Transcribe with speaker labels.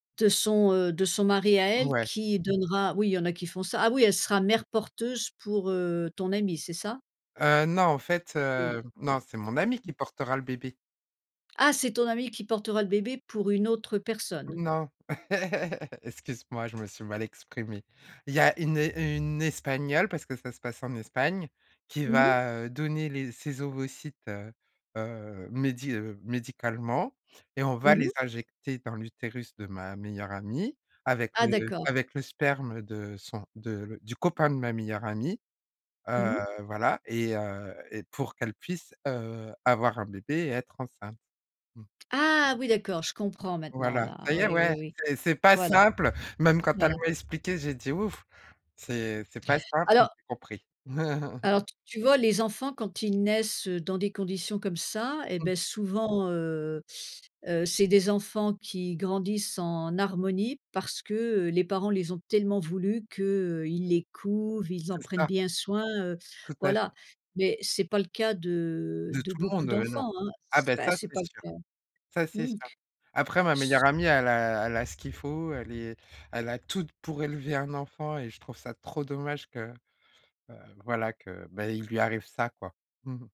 Speaker 1: De son, heu, de son mari à elle,
Speaker 2: Ouais.
Speaker 1: qui donnera oui, il y en a qui font ça. Ah oui, elle sera mère porteuse pour, heu, ton amie, c'est ça?
Speaker 2: Heu, non, en fait,
Speaker 1: Une, heu,
Speaker 2: heu, non, c'est mon amie
Speaker 1: mmh. Mmh.
Speaker 2: qui portera le bébé!
Speaker 1: Ah! C'est ton amie qui portera le bébé pour une autre personne?
Speaker 2: Non. Excuse-moi, je me suis mal exprimé. Il y a une é une espagnole, parce que ça se passe en Espagne, qui
Speaker 1: Mmh mh.
Speaker 2: va, heu, donner les ses ovocytes, heu heu, médi heu, médicalement et on va
Speaker 1: Mmh
Speaker 2: les
Speaker 1: mh.
Speaker 2: injecter dans l'utérus de ma meilleure amie avec le
Speaker 1: Ah d'accord.
Speaker 2: avec le sperme de son de le du copain de ma meilleure amie, heu,
Speaker 1: Mmh mh.
Speaker 2: voilà et heu, et pour qu'elle puisse, heu, avoir un bébé et être enceinte. Mmh.
Speaker 1: Ah oui, d'accord, je comprends maintenant
Speaker 2: Voilà, ça
Speaker 1: là,
Speaker 2: y
Speaker 1: ouais,
Speaker 2: est,
Speaker 1: oui,
Speaker 2: ouais
Speaker 1: oui.
Speaker 2: c'est c'est pas
Speaker 1: Voilà,
Speaker 2: simple! Même quand elle
Speaker 1: voilà.
Speaker 2: m'a expliqué, j'ai dit: «Ouf! C'est c'est pas simple mais
Speaker 1: Alors
Speaker 2: j'ai compris».
Speaker 1: alors t tu vois les enfants quand ils naissent, heu, dans des conditions comme ça, eh
Speaker 2: Mmh.
Speaker 1: beh, souvent, heu heu, c'est des enfants qui grandissent en harmonie parce que les parents les ont tellement voulu qu'ils les couvent, ils en
Speaker 2: c'est
Speaker 1: prennent
Speaker 2: ça.
Speaker 1: bien soin, heu,
Speaker 2: Tout à
Speaker 1: voilà.
Speaker 2: fait.
Speaker 1: Mais c'est pas le cas de
Speaker 2: De
Speaker 1: de
Speaker 2: tout le
Speaker 1: beaucoup
Speaker 2: monde, heu, non.
Speaker 1: d'enfants, hein,
Speaker 2: Ah
Speaker 1: c'est
Speaker 2: bah
Speaker 1: pas
Speaker 2: ça,
Speaker 1: c'est
Speaker 2: c'est
Speaker 1: pas
Speaker 2: sûr,
Speaker 1: le cas.
Speaker 2: ça c'est
Speaker 1: Mmh
Speaker 2: sûr.
Speaker 1: mh.
Speaker 2: Après ma meilleure amie, elle a elle a ce qu'il faut elle est elle a tout pour élever un enfant et je trouve ça trop dommage que, heu voilà, que bah, il lui arrive ça, quoi. Mmh mh.